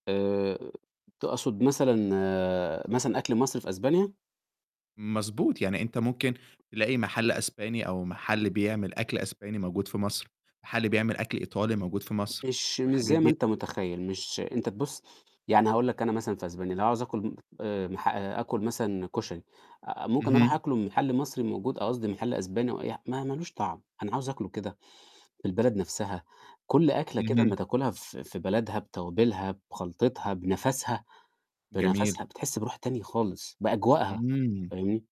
آآ، تقصد مثلًا مثلًا أكل مصري في إسبانيا؟ مضبوط، يعني أنت ممكن تلاقي محل إسباني أو محل بيعمل أكل إسباني موجود في مصر، محل بيعمل أكل إيطالي موجود في مصر، مش مش والحاجات زي ما دي. أنت [unintelligible] متخيل، مش أنت تبص يعني هاقول لك أنا مثلًا في إسبانيا لو عاوز أكل آآ، مح أكل مثلًا كشري آآ ممكن أروح اهم. أكله محل مصري موجود ق قصدي محل إسباني وأي ح ما ما لوش طعم أنا عاوز أكله كده في البلد نفسها، كل أكلة كده أما اهم. تاكلها في في بلدها بتوابلها بخلطتها بنَفسها، جميل. بنَفسها بتحس بروح تانية خالص بأجواءها، امم. فاهمني؟